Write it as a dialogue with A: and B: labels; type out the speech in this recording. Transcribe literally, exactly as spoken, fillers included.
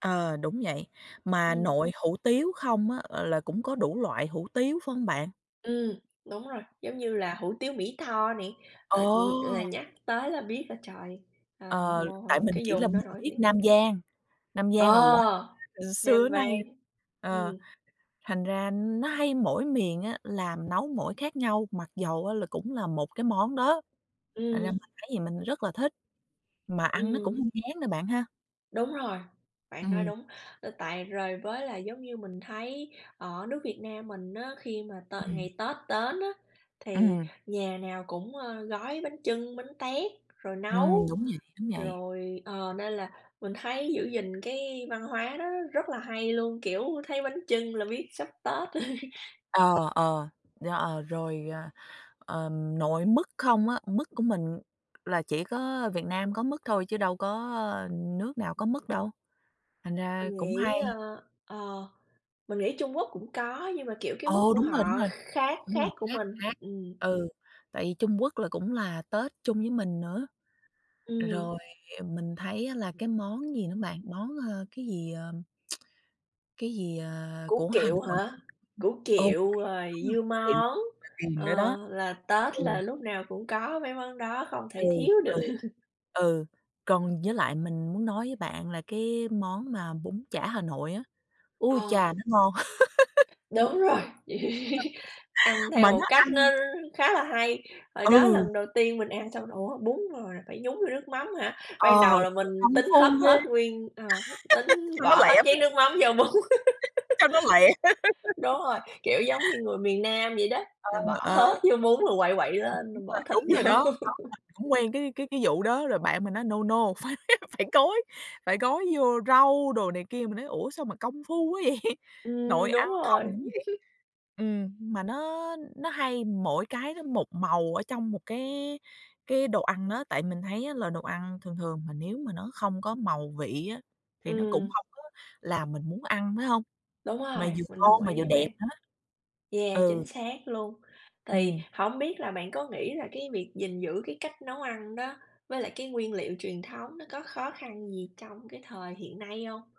A: Ờ, đúng vậy, mà
B: Ừm.
A: nội hủ tiếu không á là cũng có đủ loại hủ tiếu, phải hông bạn?
B: Ừm, đúng rồi, giống như là hủ tiếu Mỹ Tho nè, ờ, ừm, là
A: Ồ!
B: nhắc tới là biết là, trời, à,
A: Ờ, tại
B: ngồ
A: mình
B: cái
A: chỉ là
B: vùng đó
A: mình
B: nổi
A: biết
B: tiếng.
A: Nam Vang, Nam Vang là [unintelligible]
B: Ờ!
A: ừ, xưa
B: Nam
A: đến nay
B: Vang.
A: r ờ,
B: Ừm.
A: thành ra nó hay mỗi miền á, làm nấu mỗi khác nhau, mặc dầu á là cũng là một cái món đó, thành ra
B: Ừm.
A: mình thấy mình rất là thích, mà ăn nó cũng
B: Ừm.
A: hông ngán nữa bạn ha?
B: Đúng rồi, bạn nói
A: Ừm.
B: đúng. Ờ, tại rồi với là, giống như, mình thấy ở nước Việt Nam mình á, khi mà tợ
A: Ừm.
B: ngày Tết tến á, thì
A: Ừm.
B: nhà nào cũng, ơ, gói bánh chưng, bánh tét, rồi
A: Ừm,
B: nấu,
A: đúng vậy, đúng vậy.
B: rồi ờ, nên là mình thấy giữ gìn cái văn hóa nó rất rất là hay luôn, kiểu, thấy bánh chưng là biết sắp Tết.
A: Ờ, ờ, đo ờ, rồi, à, ờm, nội mứt không á, mứt của mình là chỉ có Việt Nam có mứt thôi, chứ đâu có nước nào có mứt đâu. Thành ra
B: Mình
A: cũng
B: nghĩ,
A: hay.
B: ơ, ờ, mình nghĩ Trung Quốc cũng có, nhưng mà, kiểu, cái mứt
A: Ồ!
B: của
A: Đúng rồi, đúng
B: họ kh
A: rồi,
B: khác
A: đúng rồi,
B: khác của
A: khác,
B: mình,
A: khác.
B: ừm.
A: Ừ, tại vì Trung Quốc là cũng là Tết chung với mình nữa. Rồi
B: Ừm.
A: mình thấy á là cái món gì đó bạn? Món, ơ, cái gì, ờ, cái gì, à,
B: Củ
A: của Hà
B: kiệu
A: Nội.
B: hả? Củ
A: ừ, củ
B: kiệu
A: kiệu,
B: rồi
A: đúng rồi,
B: dưa
A: củ kiệu
B: món,
A: [unintelligible] nữa
B: ờ,
A: đó.
B: là Tết
A: Ừ.
B: là lúc nào cũng có mấy món đó, không
A: Ừ,
B: thể thiếu được.
A: ừ, ừ. Còn với lại mình muốn nói với bạn là cái món mà bún chả Hà Nội á, ui
B: Ờ.
A: chà, nó ngon!
B: Đúng rồi. Ăn theo
A: Mà
B: một
A: nó
B: cách
A: ăn
B: nó khá là hay. Hồi đó
A: Ừ!
B: lần đầu tiên mình ăn xong r "Ủa, bún rồi là phải nhúng vô nước mắm hả?"
A: Ờ,
B: Ban đầu là mình
A: [unintelligible] công
B: tính
A: phu
B: hấp
A: ghê.
B: hết nguyên ờ, tính
A: Cho nó
B: bỏ hết
A: lẹ
B: chén
A: [unintelligible]
B: nước mắm vô bún.
A: Cho nó lẹ.
B: Đúng rồi, kiểu, giống như người miền Nam vậy đó,
A: Ờ,
B: là bỏ
A: ờ.
B: hết vô bún là quậy quậy
A: [unintelligible]
B: lên
A: Đúng
B: rồi
A: rồi,
B: bỏ thịt
A: đúng rồi
B: vô.
A: đó. Đó, mình cũng quen cái cái cái vụ đó, rồi bạn mình nói: "No, no, phải phải gói phải gói vô rau" đồ này kia. Mình nói: "Ủa, sao mà công phu quá vậy?" Nội
B: Ừm, đúng
A: ăn không
B: rồi.
A: cũng vậy. Ừm, mà nó nó hay mỗi cái nó một màu ở trong một cái cái đồ ăn đó, tại mình thấy á là đồ ăn thường thường mà nếu mà nó không có màu vị á, thì nó cũng
B: Ừm.
A: hông có làm mình muốn ăn, phải hông?
B: Đúng
A: Mà
B: rồi,
A: vừa
B: mình
A: ngon
B: đồng
A: mà vừa
B: ý với
A: đẹp
B: bạn.
A: nữa.
B: Yeah,
A: Ừ.
B: chính xác luôn. Thì
A: Ừm.
B: hổng biết là bạn có nghĩ là cái việc gìn giữ cái cách nấu ăn đó, với lại cái nguyên liệu truyền thống nó có khó khăn gì trong cái thời hiện nay hông?